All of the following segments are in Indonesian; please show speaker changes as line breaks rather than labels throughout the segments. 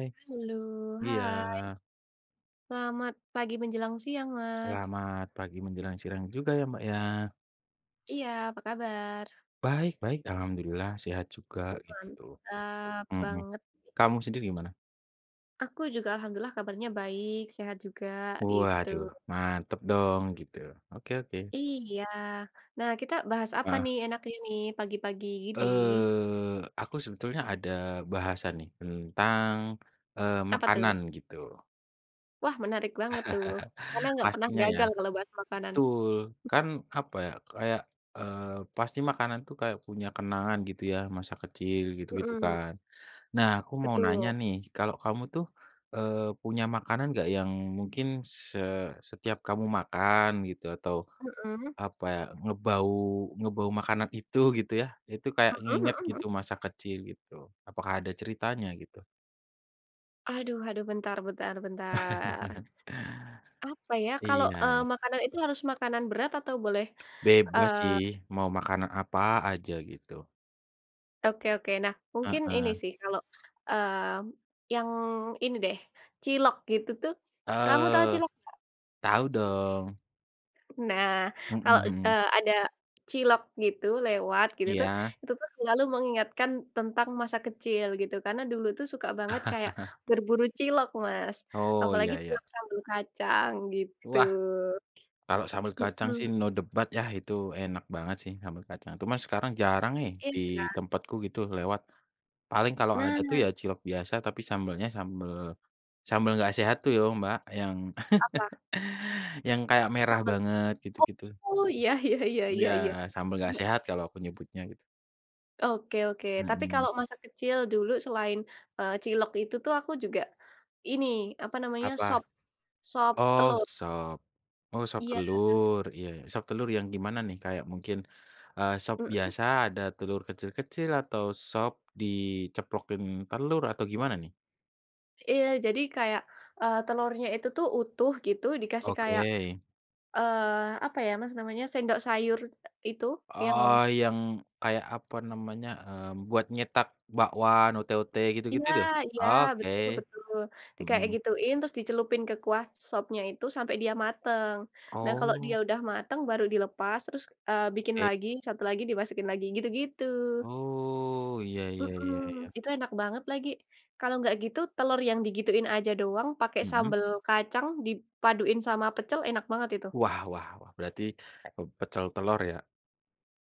Eh.
Halo,
Iya.
hai! Selamat pagi menjelang siang, Mas.
Selamat pagi menjelang sirang juga ya, Mbak, ya.
Iya, apa kabar?
Baik, baik, alhamdulillah sehat juga, gitu.
Mantap,
Mhm.
banget.
Kamu sendiri gimana?
Aku juga, alhamdulillah kabarnya baik, sehat juga, itu.
Waduh, mantap dong, gitu. Oke oke.
Iya. Nah, kita bahas apa
Heeh.
nih enaknya nih, pagi-pagi gini?
Eee, aku sebetulnya ada bahasan nih tentang, eee,
Apa tuh?
makanan, gitu.
Wah, menarik banget tuh, karena nggak pernah
Pastinya, ya.
gagal kalau bahas makanan.
Betul, kan,
Mhm.
apa ya, kayak, eee, pasti makanan tuh kayak punya kenangan, gitu ya, masa kecil gitu-gitu,
Mhm.
kan. Nah, aku mau nanya
Betul.
nih, kalau kamu tuh, eee, punya makanan nggak, yang mungkin se setiap kamu makan gitu atau,
Mhm.
apa ya, ngebau ngebau makanan itu, gitu ya, itu kayak
Mhm
nginget
mhm mhm.
gitu, masa kecil, gitu? Apakah ada ceritanya, gitu?
Aduh aduh, bentar bentar bentar. Apa ya, kalau,
Iya.
eee, makanan itu harus makanan berat atau boleh,
Bebas sih,
eee
mau makanan apa aja, gitu.
Oke oke. Nah, mungkin ini
Heeh.
sih, kalau, eee, yang ini deh, cilok gitu tuh, kamu tahu
Eee,
cilok enggak?
tau dong.
Nah,
Mhm
kalau, e
mhm.
ada cilok gitu lewat, gitu tuh,
Iya.
itu tuh selalu mengingatkan tentang masa kecil, gitu. Karena dulu itu suka banget kayak berburu cilok, Mas.
Oh,
Apalagi
iya iya.
cilok sambal kacang, gitu.
Wah, kalau sambal
Mhm.
kacang sih, no debat ya, itu enak banget sih sambel kacang. Cuman sekarang jarang nih,
Iya,
di
kan?
tempatku gitu lewat. Paling kalau ada tuh
Nah.
ya cilok biasa, tapi sambelnya sambel sambel enggak sehat tuh yo, Mbak, yang
Apa?
yang kayak merah
Sambel.
banget, gitu-gitu.
Oh, iya iya iya iya
Iya,
iya.
sambal
Heeh
enggak
heeh.
sehat kalau aku nyebutnya, gitu.
Oke oke. Tapi
Mhm.
kalau masa kecil dulu selain, eee, cilok itu tuh, aku juga ini, apa namanya,
Apa?
sop, sop
Oh,
telur.
sop. Oh, sop
Iya.
telur, iya. Sop telur yang gimana nih? Kayak mungkin, eee, sop
Mhm.
biasa ada telur kecil-kecil, atau sop diceplokin telur, atau gimana, nih?
Iya, jadi kayak, eee, telurnya itu tuh utuh gitu, dikasih kayak,
Oke.
eee, apa ya Mas namanya, sendok sayur itu yang
Oh, yang kayak apa namanya, eee, buat nyetak bakwan, ote-ote gitu-gitu
Iya
yo?
iya,
Oke.
betul betul. Dikayak
Hmm.
gituin terus dicelupin ke kuah sopnya itu sampai dia matang. Nah kalau dia
Oh.
udah matang, baru dilepas, terus, eee, bikin
Oke.
lagi, 1 lagi dimasukin lagi, gitu-gitu.
Oh, iya iya iya
Mhm,
iya.
itu enak banget lagi. Kalau enggak gitu, telur yang digituin aja doang, pakai
Hmm.
sambal kacang, dipaduin sama pecel, enak banget itu.
Wah wah wah, berarti, eee, pecel telur ya?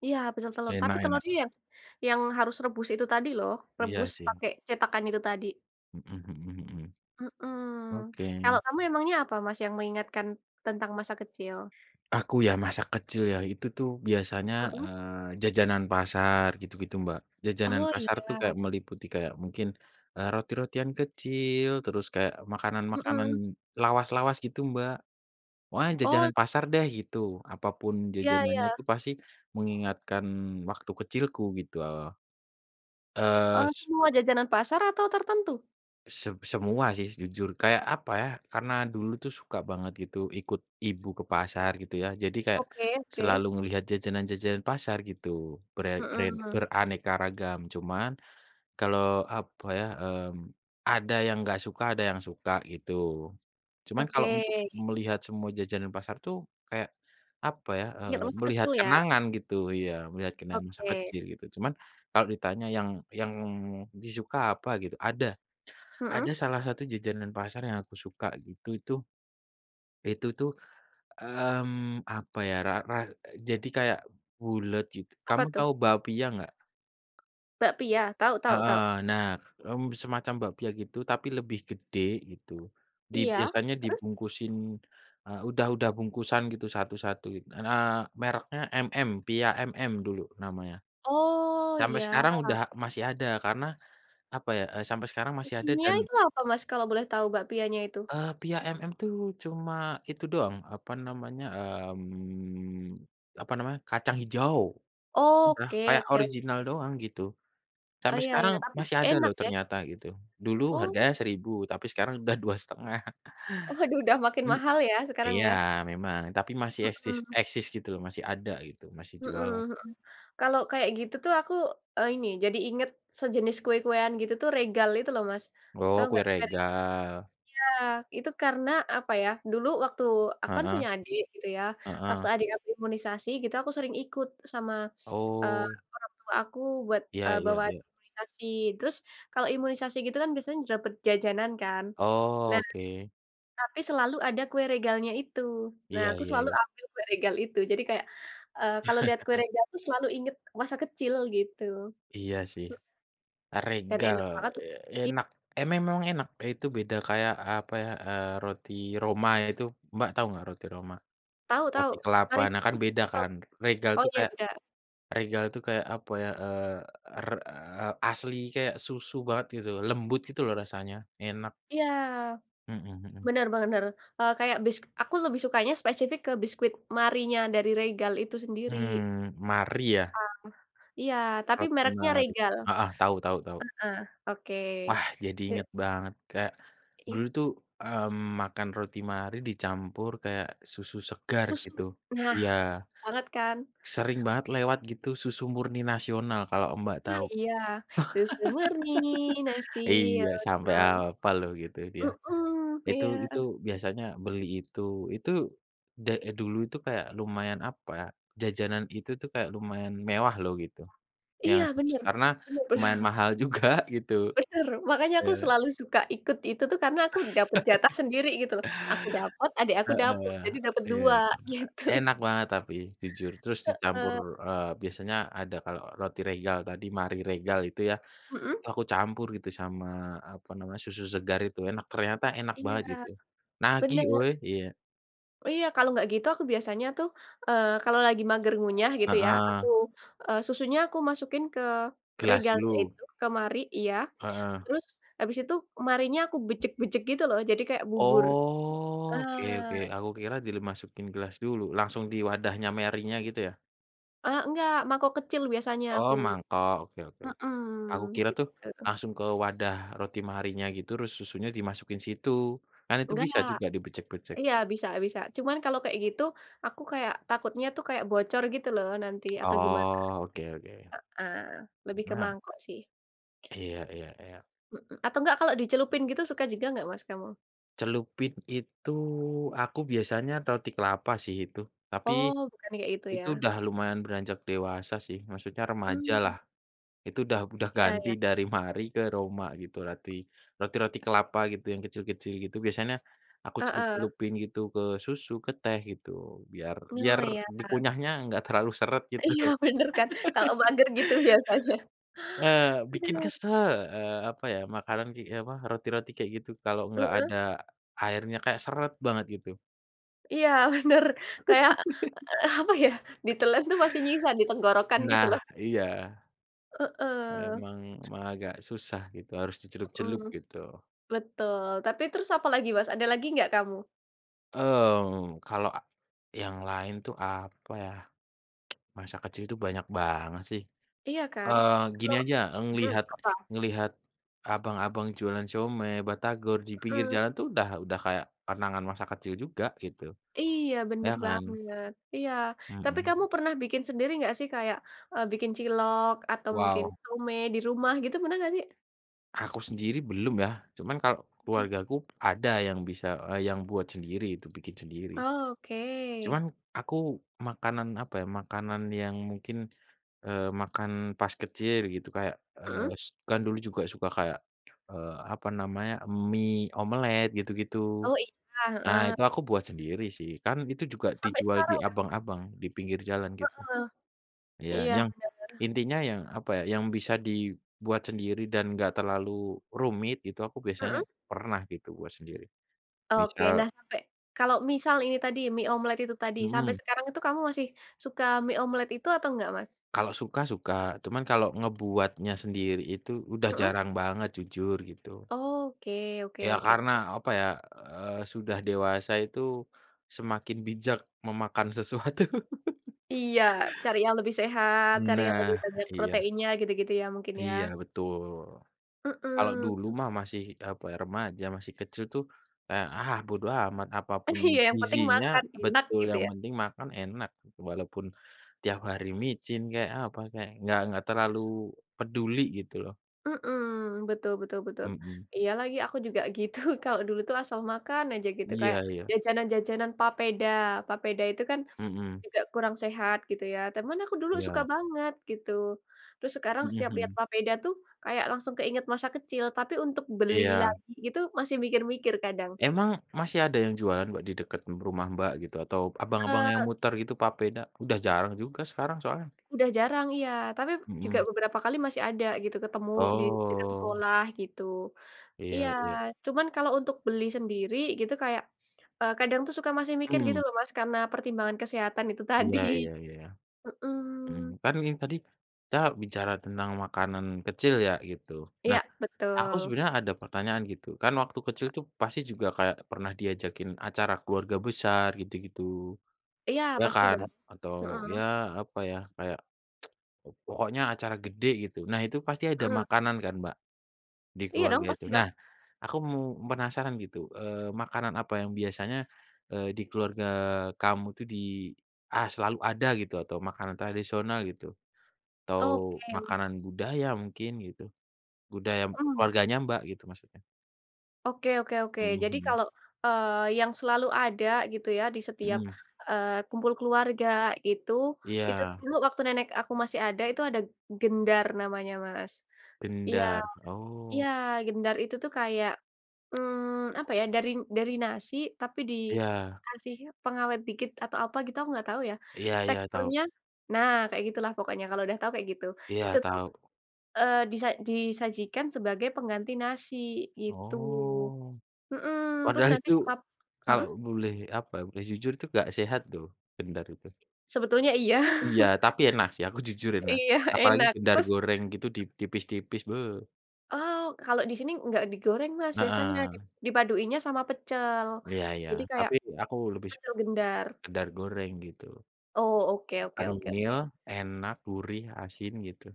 Iya, pecel telur. Tapi
Enak enak.
telurnya yang yang harus rebus itu tadi loh.
Iya
Rebus
sih.
pakai cetakan itu tadi.
Hmm hmm hmm.
Mmm.
Oke.
Kalau kamu emangnya apa Mas, yang mengingatkan tentang masa kecil?
Aku ya masa kecil ya, itu tuh biasanya,
Mhm.
eee, jajanan pasar gitu-gitu, Mbak. Jajanan
Oh,
pasar tuh
iya.
kayak meliputi kayak mungkin, eee, roti-rotian kecil, terus kayak makanan-makanan
Mmm.
lawas-lawas gitu Mbak. Wah,
Oh
jajanan pasar deh, gitu. Apa pun
Iya
jajanannya
iya.
itu pasti mengingatkan waktu kecilku gitu oh. Eee,
Eee,
s
semua jajanan pasar atau tertentu?
Se semua sih, jujur, kayak, apa ya, karena dulu tuh suka banget gitu ikut ibu ke pasar gitu ya, jadi kayak
Oke oke.
selalu ngelihat jajanan-jajanan pasar gitu, ber a ren
Mhm.
beraneka ragam, cuman kalau, apa ya, mmm, ada yang enggak suka, ada yang suka, gitu. Cuman kalau
Oke.
untuk melihat semua jajanan pasar tuh kayak, apa ya,
Inget
eee,
masa
melihat
kecil, ya.
kenangan gitu ya, melihat kenangan masa
Oke.
kecil, gitu. Cuman kalau ditanya yang yang disuka apa gitu, ada.
Mhm.
Ada salah satu jajanan pasar yang aku suka gitu, itu. Itu tuh, mmm, apa ya, ra ra jadi kayak bulet gitu.
Apa,
Kamu
tuh?
tahu bakpia enggak?
Bakpia? Tahu tahu
Heeh.
tahu.
Nah, mmm, semacam bakpia gitu, tapi lebih gede, gitu. Di
Iya.
biasanya
Terus?
dibungkusin, eee, udah udah bungkusan gitu satu-satu. Eee, mereknya MM, Pia MM dulu namanya.
Oh,
Sampai
iya.
sekarang udah masih ada, karena apa ya, eee, sampai sekarang masih ada
Isinya
dan
itu apa, Mas, kalau boleh tahu bakpianya itu?
Eee, Pia MM tuh cuma itu doang, apa namanya, mmm, apa namanya, kacang hijau. Udah,
Oke
kayak
oke
original
oke.
doang, gitu.
Oh,
Sampai
iya
sekarang
iya, tapi
masih ada
enak,
loh
ya?
ternyata, gitu. Dulu
Oh.
harganya Rp1.000, tapi sekarang udah Rp2.500.
Waduh, udah makin
Hm
mahal ya, sekarang
iya,
ya.
memang, tapi masih esis
Mhm.
eksis gitu loh, masih ada gitu, masih
Mhm,
jualan.
mhm. Kalau kayak gitu tuh aku e ini, jadi ingat sejenis kue-kuean gitu tuh, Regal itu loh, Mas.
Oh,
Tahu
kue
nggak, merk
Regal.
iya, itu karena, apa ya, dulu waktu aku kan
Heeh.
punya adik gitu, ya. Waktu
Heeh.
adik aku imunisasi gitu, aku sering ikut sama, eee,
Oh.
orang tua aku buat,
Iya
eee,
iya
bawa
iya.
imunisasi. Terus kalau imunisasi gitu kan, biasanya dapat jajanan kan. Nah,
Oke.
tapi selalu ada kue Regalnya itu. Nah,
Iya
aku
iya
selalu
iya.
ambil kue Regal itu. Jadi kayak, eee, kalau lihat kue Regal tuh selalu ingat masa kecil, gitu.
Iya, sih.
Mh Dan
Regal,
enak banget tu
eee,
i
enak, e memang enak, itu beda kayak, apa ya, eee, roti Roma ya itu Mbak tahu enggak roti Roma?
Tahu tahu.
Roti kelapa,
Marie
nah, kan
Susu
beda
itu tahu.
kan. Regal
Oh
tuh
iya,
kayak,
beda.
Regal tuh kayak, apa ya, eee, er eee, asli kayak susu banget gitu, lembut gitu loh rasanya, enak.
Iya.
Mhm mhm.
Benar, benar. Eee, kayak bis aku lebih sukanya spesifik ke biskuit Marienya dari Regal itu sendiri.
Mmm, Marie, ya?
Ah, iya, tapi
Roti
mereknya
Marie.
Regal.
Heeh, tahu tahu tahu.
Heeh, oke.
Wah, jadi
E
inget banget, kayak
I
dulu tuh, mmm, makan roti Marie dicampur kayak susu segar,
Susu.
gitu.
Nah,
Iya.
banget kan?
Sering banget lewat gitu, susu murni Nasional kalau Mbak
Ah,
tau.
iya, Susu Murni
Iya, sampai
Nasional.
apal loh gitu, dia.
Mhm,
Itu
iya.
itu biasanya beli itu. Itu da eh, dulu itu kayak lumayan, apa ya, jajanan itu tuh kayak lumayan mewah loh, gitu. Yang
Iya,
susu,
bener.
karena
Bener
lumayan
bener.
mahal juga, gitu.
Benar, makanya aku
Eee
selalu suka ikut itu tuh, karena aku dapat jatah sendiri gitu, loh. Aku dapat, adik aku dapat,
Heeh,
jadi dapat
iya.
2, gitu.
Enak banget tapi, jujur. Terus dicampur,
Heeh.
eee, biasanya ada kalau roti Regal tadi, Marie Regal itu ya,
Mhm.
itu aku campur gitu sama, apa namanya, susu segar itu, enak, ternyata enak
Iya.
banget gitu. Nagih
Benar.
woy, iya.
Iya, kalau enggak gitu aku biasanya tuh, eee, kalau lagi mager ngunyah gitu ya, aku,
Heeh.
eee, susunya aku masukin ke
Gelas
regalnya
dulu.
itu, ke Marie iya.
Heeh.
Terus habis itu Marienya aku bejek-bejek gitu loh, jadi kayak bubur.
Oke oke,
Ah.
aku kira dimasukin gelas dulu, langsung di wadahnya Marienya gitu ya?
Eee, enggak, mangkok kecil biasanya
Oh,
aku.
mangkok, oke
Mhm,
oke-oke. Aku kira tuh
gitu.
langsung ke wadah roti Marienya gitu terus susunya dimasukin situ. Kan itu bisa
Enggak,
juga dibejek-bejek.
iya, bisa bisa. Cuman kalau kayak gitu, aku kayak takutnya itu kayak bocor gitu loh nanti atau gimana.
Oh, oke oke.
Heeh, lebih ke
Nah
mangkok sih.
iya iya iya.
Mhm atau nggak, kalau dicelupin gitu suka juga nggak, Mas, kamu?
Celupin itu, aku biasanya roti kelapa sih itu. Tapi
Oh, bukan kayak gitu
itu
ya.
udah lumayan beranjak dewasa sih, maksudnya remajalah.
Mmm.
Itu udah udah
Iya
ganti
iya.
dari Marie ke Roma gitu, roti, roti-roti kelapa gitu yang kecil-kecil gitu. Biasanya aku
Heeh.
celup-celupin gitu ke susu, ke teh gitu. Biar
Oh,
biar
iya.
dikunyahnya enggak terlalu seret gitu.
Iya, bener kan? Kalau mager gitu biasanya.
Eee, bikin
Aduh.
kesel, eee, apa ya, makanan gi e apa roti-roti kayak gitu kalau nggak
Mhm.
ada airnya, kayak seret banget gitu.
Iya bener. Kayak, eee, apa ya, ditelan tuh masih nyisa di tenggorokan gitu
Nah
loh.
iya.
Heeh.
Emang emang agak susah gitu harus dicelup-celup
Mhm,
gitu.
betul. Tapi terus apa lagi Mas, ada lagi enggak kamu?
Mmm, kalau e yang lain itu apa ya? Masa kecil itu banyak banget sih,
Iya kan?
eee, gini
Kalau
aja
mhm,
ngelihat-
apa?
ngelihat, abang-abang jualan siomay, batagor di pinggir
Mhm.
jalan tuh udah udah kayak kenangan masa kecil juga gitu,
Iya
ya
bener
kan?
banget. Iya, tapi
Mhm.
kamu pernah bikin sendiri enggak sih kayak, eee, bikin cilok atau mungkin
Wow.
siomay di rumah gitu, pernah enggak sih?
Aku sendiri belum ya, cuman kalau
Mhm.
keluargaku ada yang bisa, eee, yang buat sendiri itu, bikin sendiri.
Oh, oke.
Cuman aku makanan, apa ya, makanan yang mungkin, eee, makan pas kecil gitu kayak, eee,
Mhm.
s kan dulu juga suka kayak, eee, apa namanya, mie, omelet gitu-gitu,
Oh iya,
nah
heeh.
itu aku buat sendiri sih, kan itu juga
Sampai
dijual di
sekarang kah?
abang-abang di pinggir jalan gitu.
Heeh,
Iya,
iya
yang
bener bener.
intinya yang, apa ya, yang bisa dibuat sendiri dan gak terlalu rumit itu aku biasanya
Mhm.
pernah gitu buat sendiri,
Oke.
misal
Nah, sampai kalau misal ini tadi mie omelet itu tadi, sampai
Mhm.
sekarang itu kamu masih, suka mie omelet itu atau enggak, Mas?
Kalau suka suka, cuman kalau ngebuatnya sendiri itu udah
Mhm.
jarang banget, jujur gitu.
Oke oke
Ya
oke
karena,
oke.
apa ya, eee, sudah dewasa itu, semakin bijak memakan sesuatu.
Iya, cari yang lebih sehat, cari yang lebih
Nah,
banyak
iya.
proteinnya, gitu-gitu ya mungkin ya.
Iya, betul. Kalau dulu
Mhm.
mah masih, apa ya, remaja masih kecil tuh kayak, ah, bodo amat, apa pun
Iya yang penting
gizinya
makan, enak,
betul,
gitu
yang
ya.
penting makan enak gitu. Walaupun tiap hari micin kek, apa kek, enggak enggak terlalu peduli gitu loh.
Mhm, betul betul betul.
Mhm.
Iya lagi aku juga gitu, kalau dulu itu asal makan aja gitu. Kayak
Iya iya.
jajanan-jajanan papeda. Papeda itu kan
Mhm.
juga kurang sehat gitu ya, teman aku dulu suka
Iya.
banget gitu. Terus sekarang
Mhm
setiap lihat
mhm.
papeda tuh kayak langsung keingat masa kecil, tapi untuk beli
Iya.
lagi gitu masih mikir-mikir kadang.
Emang masih ada yang jualan Mbak di deket m rumah Mbak gitu, atau abang-abang yang
Eee
muter gitu papeda? Udah jarang juga sekarang soalnya.
Udah jarang, iya, tapi juga
Mhm.
beberapa kali masih ada gitu, ketemu di dekat
Oh.
sekolah, gitu. Iya,
Iya iya.
cuman kalau untuk beli sendiri gitu kayak, eee, kadang tuh suka masih mikir gitu
Hmm.
loh Mas karena pertimbangan kesehatan itu
Iya
tadi.
iya iya. Mmm,
Mhm.
kan ini tadi kita bicara tentang makanan kecil ya, gitu. Nah,
Iya,
aku
betul.
sebenarnya ada pertanyaan gitu, kan waktu kecil
A
itu pasti juga kayak pernah diajakin acara keluarga besar gitu-gitu,
Iya,
ya
pasti da
kan? Atau
heeh.
ya apa ya, kayak po pokoknya acara gede gitu. Nah itu pasti ada
Heeh.
makanan kan Mbak di
Iya dong,
keluarga itu.
pasti dong.
Nah, aku mu penasaran gitu, eee, makanan apa yang biasanya, eee, di keluarga kamu itu di "ah, selalu ada" gitu, atau makanan tradisional gitu, atau
Oke oh.
makanan budaya mungkin gitu? Budaya m
Hmm.
keluarganya Mbak gitu maksudnya.
Oke oke oke.
Mhm
Jadi
mhm.
kalau, eee, yang selalu ada, gitu ya, di setiap,
Mhm.
eee, kumpul keluarga itu, itu tuh
Iya.
dulu waktu nenek aku masih ada, itu ada gendar namanya Mas. Iya.
Gendar.
Iya!
Oh.
Gendar itu tuh kayak, mmm, apa ya, dari n dari nasi, tapi
Iya.
dikasih pengawet dikit, atau apa gitu. Aku enggak tahu ya.
Iya iya, tau.
Teksturnya nah, kayak gitu lah pokoknya, kalau udah tahu kayak gitu. Itu
Iya,
tuh,
tau.
eee, disa disajikan sebagai pengganti nasi, gitu.
Oh.
Heeh, terus
Padahal
nanti
itu,
sekap mhm?
kalau boleh, apa ya, boleh jujur, itu enggak sehat loh, gendar itu.
Sebetulnya iya.
Iya, tapi enak sih. Aku jujur, enak.
Iya,
Apalagi
enak,
gendar
terus
goreng, gitu, di tipis-tipis, be!
Oh, kalau di sini enggak digoreng Mas, biasanya. Dip
Heeh.
dipaduinnya sama pecel.
Iya iya.
Jadi kayak
Tapi aku lebih su
pecel gendar.
gendar goreng, gitu.
Oh, oke oke oke oke.
Kenyil, enak, gurih, asin, gitu.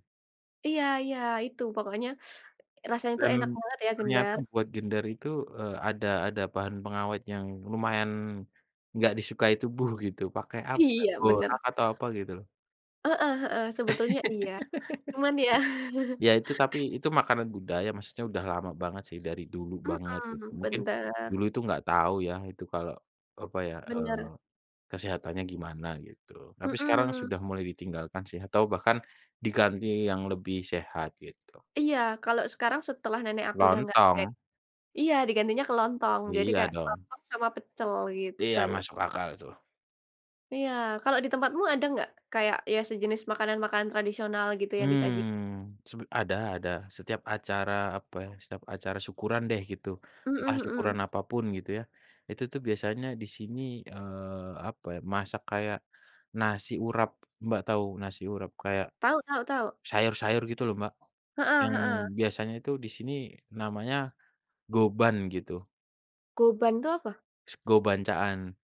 Iya iya. Itu pokoknya, rasanya itu
Dan,
enak banget ya
ternyata
gendar.
buat gendar itu, eee, ada ada bahan pengawet yang lumayan enggak disukai tubuh, gitu. Pake apa,
Iya, benar.
borak atau apa, gitu loh.
Heeh heeh. Sebetulnya iya, cuman ya
Ya, itu tapi itu makanan budaya. Maksudnya udah lama banget, sih, dari dulu banget, gitu.
Mhm,
Mungkin,
bender.
dulu itu enggak tahu ya itu kalau, apa ya, eee,
Benar.
kesehatannya gimana, gitu. Tapi sekarang
Mhm.
sudah mulai ditinggalkan sih, atau bahkan diganti yang lebih sehat, gitu.
Iya. Kalau sekarang setelah nenek aku sudah enggak ada
Lontong?
iya, digantinya ke lontong, jadi
Iya
kayak
dong.
lontong sama pecel gitu.
Iya, masuk akal itu.
Iya, kalau di tempatmu ada enggak kayak ya sejenis makanan-makanan tradisional gitu yang disajikan?
Mmm, sep ada ada, setiap acara, apa ya, setiap acara syukuran deh gitu. Entah
Hmm hmm.
syukuran apa pun gitu ya. Itu tuh biasanya di sini, eee, apa ya, masak kayak nasi urap, Mbak tahu nasi urap? Kayak
Tahu tahu tahu.
sayur-sayur gitu loh Mbak.
Heeh
Yang
heeh.
biasanya itu di sini namanya goban gitu.
Goban itu apa?
Sego bancaan.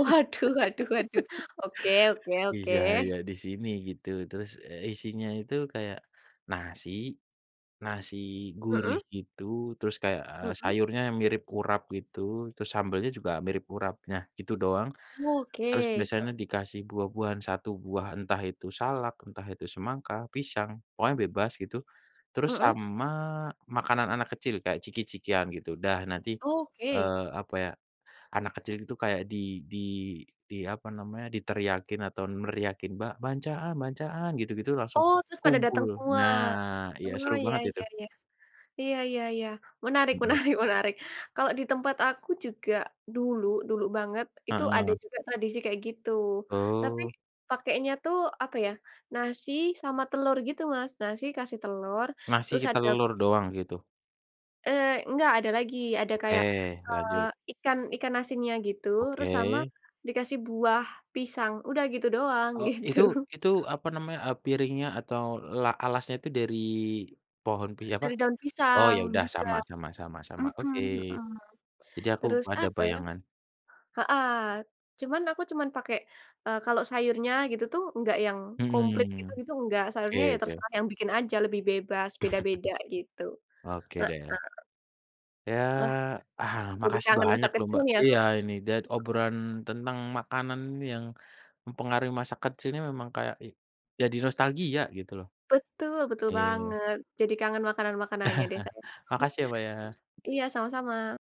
Waduh waduh waduh, oke oke oke.
Iya iya, di sini gitu. Terus, eee, isinya itu kayak nasi, nasi gurih
Hmm?
gitu, terus kayak, eee,
Hmm?
sayurnya mirip urap gitu, terus sambelnya juga mirip urap. Nah, gitu doang.
Oh,
Terus
oke.
biasanya dikasih buah-buahan, satu buah, entah itu salak, entah itu semangka, pisang, pokoknya bebas gitu. Terus
Hmm?
sama makanan anak kecil kayak ciki-cikian gitu. Dah nanti,
Oke.
eee, apa ya, anak kecil itu kayak di di di apa namanya, diteriakin atau neriakin, "Bancaan bancaan!" gitu-gitu langsung
Oh, terus pada
kumpul.
datang semua.
Nah ya
Oh
seru
iya
banget
iya
itu.
iya. Iya iya iya, menarik
Hmm.
menarik menarik. Kalau di tempat aku juga dulu dulu banget, itu ada
Heeh.
juga tradisi kayak gitu. Tapi
Oh.
pakainya tuh, apa ya, nasi sama telur gitu, Mas. Nasi kasih telur, terus
Ngasih
adap
telur doang, gitu?
Eee, enggak ada lagi, ada
Oke,
kayak, eee,
lanjut.
ikan ikan asinnya gitu, terus sama
Oke.
dikasih buah, pisang, udah gitu doang,
Oh,
gitu.
itu itu, apa namanya, eee, piringnya atau la alasnya itu dari pohon pi
E
apa
dari daun
oh
pisang
ya udah,
juga.
sama sama sama sama.
Hmm
Oke.
hmm.
Jadi aku b
Terus
ada
apa ya
bayangan.
heeh, cuman aku cuman pakai, eee, kalau sayurnya gitu tuh enggak yang komplit
Mhm.
gitu-gitu enggak, sayurnya ya
Oke oke.
terserah yang bikin aja lebih bebas, beda-beda gitu.
Oke
Heeh.
deh. Ya,
Wah,
ah
jadi
makasih
kangen masa
banyak loh,
kecil
Mbak.
nih aku.
Iya ini dan obrolan tentang makanan yang mempengaruhi masa kecilnya memang kayak e jadi nostalgia gitu loh.
Betul, betul
Iya.
banget. Jadi kangen makanan-makanannya deh saya.
Makasih ya Mbak ya.
Iya, sama-sama.